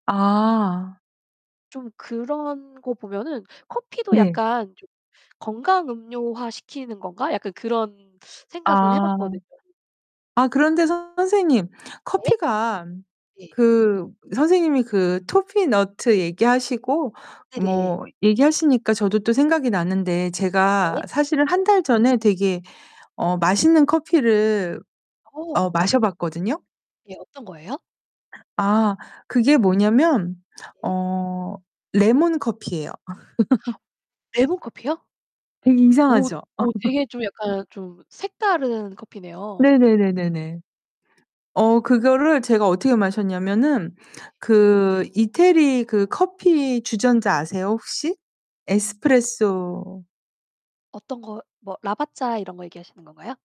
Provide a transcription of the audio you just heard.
아. 좀 그런 거 보면은 커피도 네. 약간 좀 '건강 음료화 시키는 건가?' 약간 그런 생각은 해 아. 봤거든요. 아 그런데 선생님 네. 커피가 네. 그 선생님이 그 toffee nut 얘기하시고 네네. 뭐 얘기하시니까 저도 또 생각이 났는데 네. 제가 사실은 네. 1 달 전에 되게 어 맛있는 커피를 어 어. 마셔 봤거든요. 예 어떤 거예요? 아 그게 뭐냐면 네. 어 레몬 커피예요. 아 레몬 커피요? 되게 오 이상하죠? 오 되게 좀 약간 좀 색다른 커피네요. 네네네네네. 어 그거를 제가 어떻게 마셨냐면은 네. 그 이태리 그 커피 주전자 아세요 혹시? 에스프레소 어떤 거 뭐 라바짜 이런 거 얘기하시는 건가요?